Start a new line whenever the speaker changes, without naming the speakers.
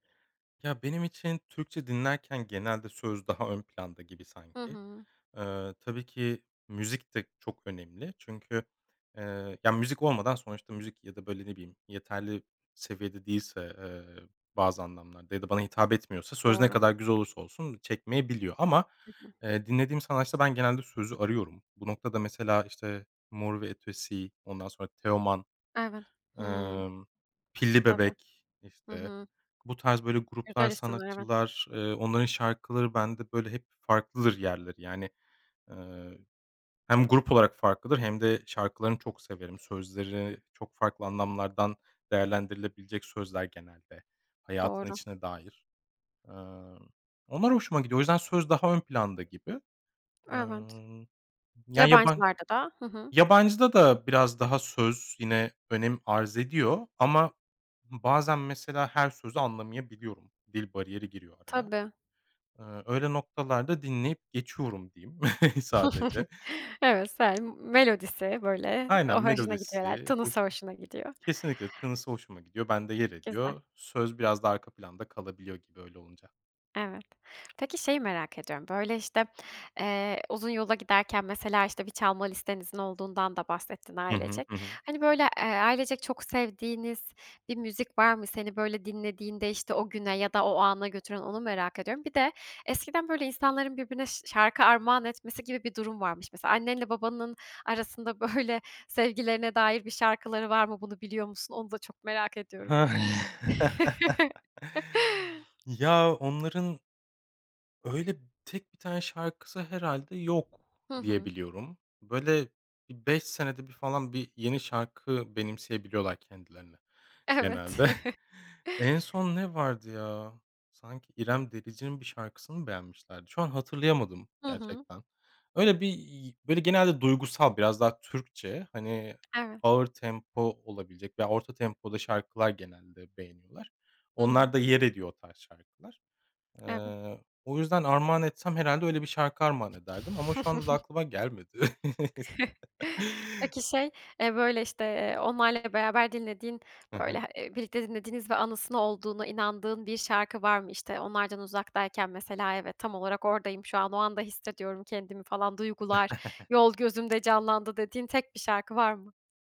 Ya, benim için Türkçe dinlerken, genelde söz daha ön planda gibi
Hı
sanki.
hı.
Eee, tabii ki müzik de çok önemli çünkü, eee, ya müzik olmadan sonuçta müzik ya da böyle ne bileyim yeterli seviyede değilse, eee, bazı anlamlarda ya da bana hitap etmiyorsa, söz ne
Doğru.
kadar güzel olursa olsun çekmeyebiliyor ama,
Hı hı.
eee, dinlediğim sanatçıda ben genelde sözü arıyorum. Bu noktada mesela işte Mor ve Ötesi, ondan sonra Teoman,
Evet. Hıı.
emm, Pilli
Tabii.
Bebek,
Hı
işte,
hı.
bu tarz böyle gruplar,
Güzel isimler, evet.
sanatçılar, eee, onların şarkıları bende böyle hep farklıdır yerleri yani. Eee, hem grup olarak farklıdır hem de şarkılarını çok severim. Sözleri çok farklı anlamlardan değerlendirilebilecek sözler; genelde hayatın
Doğru.
içine dair. Emm, onlar hoşuma gidiyor. O yüzden söz daha ön planda gibi. Eee,
Evet.
ya, yaban
Yabancılarda da. Hı hı.
yabancıda da biraz daha söz yine önem arz ediyor ama bazen mesela, her sözü anlamayabiliyorum. Dil bariyeri giriyor araya.
Tabii.
Eee, öyle noktalarda dinleyip geçiyorum, diyeyim sadece.
Evet. [unintelligible] Melodisi böyle o
Aynen
hoşuna gidiyor herhâlde
melodisi
tınısı
hoş
hoşuna gidiyor.
Kesinlikle, tınısı hoşuma gidiyor. Bende yer
Güzel.
ediyor. Söz, biraz daha arka planda kalabiliyor gibi, öyle olunca.
Evet. Peki, şeyi merak ediyorum; böyle işte, eee, uzun yola giderken, mesela işte bir çalma listenizin olduğundan da bahsettin
Hı hı.
ailecek.
Hı hı.
Hani, böyle, eee, ailecek çok sevdiğiniz bir müzik var mı, seni böyle dinlediğinde işte o güne ya da o ana götüren, onu merak ediyorum. Bir de, eskiden böyle insanların birbirine şa şarkı armağan etmesi gibi bir durum varmış. Mesela, annenle babanın arasında, böyle sevgilerine dair bir şarkıları var mı? Bunu biliyor musun? Onu da çok merak ediyorum.
Ya, onların öyle tek 1 tane şarkısı herhâlde yok
Hı
diye
hı.
biliyorum. Böyle bir 5 senede bir falan bir yeni şarkı benimseyebiliyorlar kendilerine, genelde.
Evet.
En son ne vardı ya, sanki İrem Derici'nin bir şarkısını beğenmişlerdi. Şu an hatırlayamadım
Hı hı.
gerçekten. Öyle bir, iii, böyle genelde duygusal biraz daha Türkçe, hani
Evet.
ağır tempo olabilecek veya orta tempoda şarkılar genelde beğeniyorlar.
Hı hı.
Onlarda yer ediyor o tarz şarkılar.
Evet.
Eee, o yüzden armağan etsem herhâlde öyle bir şarkı armağan ederdim ama şu anda da aklıma gelmedi.
Peki, şey, eee, böyle işte, eee, onlarla beraber dinlediğin,
Hı hı.
böyle, eee, birlikte dinlediğiniz ve anısını olduğuna inandığın bir şarkı var mı? İşte, onlardan uzaktayken, mesela, evet, tam olarak oradayım, şu an. O anda hissediyorum kendimi falan; duygular, yol, gözümde canlandı, dediğin tek bir şarkı var mı?